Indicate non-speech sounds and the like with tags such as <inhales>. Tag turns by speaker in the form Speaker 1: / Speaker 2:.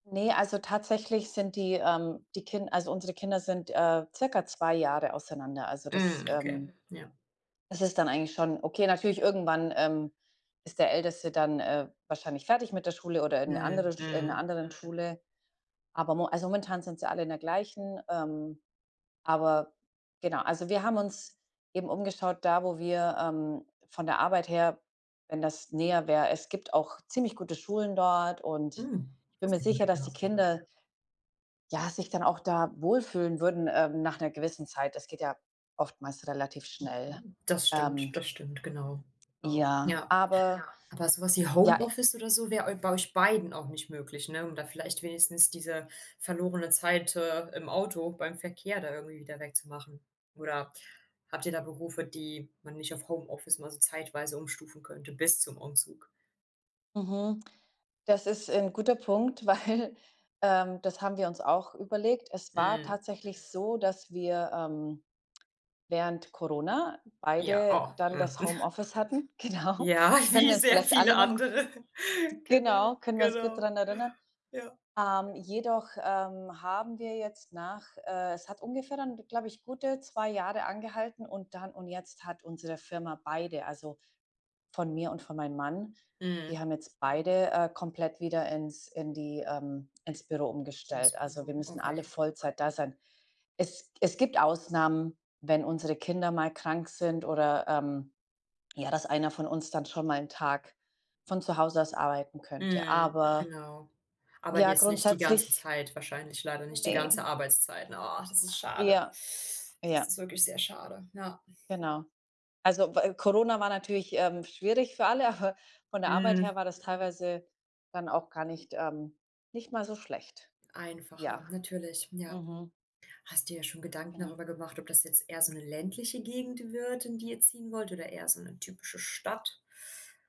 Speaker 1: Ne, also, tatsächlich sind die, ähm die Kin also, unsere Kinder sind, äh, circa 2 Jahre auseinander. Also, das,
Speaker 2: Mhm, okay,
Speaker 1: ähm
Speaker 2: ja.
Speaker 1: das ist dann eigentlich schon okay. Natürlich irgendwann, ähm, ist der Älteste dann, äh, wahrscheinlich fertig mit der Schule oder in 'ne
Speaker 2: Mhm,
Speaker 1: andere Sch in 'ner
Speaker 2: mhm.
Speaker 1: anderen Schule. Aber mo also, momentan sind sie alle in der gleichen. Ähm, aber genau also, wir haben uns eben umgeschaut, da wo wir, ähm, von der Arbeit her, wenn das näher wäre es gibt auch ziemlich gute Schulen dort und
Speaker 2: Mhm,
Speaker 1: ich bin mir
Speaker 2: sehr gut,
Speaker 1: sicher, dass die
Speaker 2: ja.
Speaker 1: Kinder ja, sich dann auch da wohlfühlen würden, ähm, nach 'ner gewissen Zeit. Das geht ja oftmals relativ schnell,
Speaker 2: Das stimmt,
Speaker 1: ähm.
Speaker 2: das stimmt, genau.
Speaker 1: Ja,
Speaker 2: Ja,
Speaker 1: aber
Speaker 2: aber so was wie
Speaker 1: ja i
Speaker 2: Homeoffice oder so wäre eu bei euch beiden auch nicht möglich, ne? Um da vielleicht wenigstens diese verlorene Zeit, äh, im Auto, beim Verkehr da irgendwie wieder weg zu machen. Oder habt ihr da Berufe, die man nicht auf Homeoffice mal so zeitweise umstufen könnte bis zum Umzug?
Speaker 1: Mhm. Das ist 'n guter Punkt, weil, ähm, das haben wir uns auch überlegt. Es war
Speaker 2: Mhm.
Speaker 1: tatsächlich so, dass wir, ähm, während Corona
Speaker 2: Ja,
Speaker 1: beide
Speaker 2: oh,
Speaker 1: dann
Speaker 2: mhm.
Speaker 1: das
Speaker 2: <chuckles>
Speaker 1: Homeoffice hatten, genau.
Speaker 2: Ja,
Speaker 1: Können
Speaker 2: wie
Speaker 1: wir uns
Speaker 2: sehr
Speaker 1: vielleicht
Speaker 2: viele
Speaker 1: alle noch
Speaker 2: andere,
Speaker 1: genau,
Speaker 2: genau,
Speaker 1: können wir uns gut
Speaker 2: genau,
Speaker 1: dran erinnern.
Speaker 2: ja.
Speaker 1: Ähm, jedoch, ähm, haben wir jetzt nach, äh es hat ungefähr dann, glaube ich, gute 2 Jahre angehalten und dann und jetzt hat unsere Firma beide also, von mir und von meinem Mann, die
Speaker 2: Mhm.
Speaker 1: haben jetzt beide, äh, komplett wieder ins in die, ähm ins Büro
Speaker 2: Ins
Speaker 1: umgestellt. Also, wir
Speaker 2: Büro,
Speaker 1: müssen alle
Speaker 2: okay.
Speaker 1: Vollzeit da sein. Es es gibt Ausnahmen, wenn unsere Kinder mal krank sind oder, ähm ja, dass einer von uns dann schon mal 'n Tag von zu Hause aus arbeiten könnte.
Speaker 2: Mhm,
Speaker 1: Aber
Speaker 2: genau. Aber
Speaker 1: ja,
Speaker 2: jetzt nicht die ganze
Speaker 1: grundsätzlich
Speaker 2: Zeit wahrscheinlich leider nicht die
Speaker 1: Ne.
Speaker 2: ganze Arbeitszeit, ne? Oh, das ist schade.
Speaker 1: Ja.
Speaker 2: <inhales> Das
Speaker 1: Ja.
Speaker 2: ist wirklich sehr schade, ja.
Speaker 1: Genau. Also, wä Corona war natürlich, ähm, schwierig für alle, aber von der Arbeit her
Speaker 2: Mhm.
Speaker 1: war das teilweise dann auch gar nicht, ähm nicht mal so schlecht. Ja.
Speaker 2: Einfacher, natürlich, ja.
Speaker 1: Mhm.
Speaker 2: Hast dir schon Gedanken
Speaker 1: Genau.
Speaker 2: darüber gemacht, ob das jetzt eher so 'ne ländliche Gegend wird, in die ihr ziehen wollt oder eher so 'ne typische Stadt?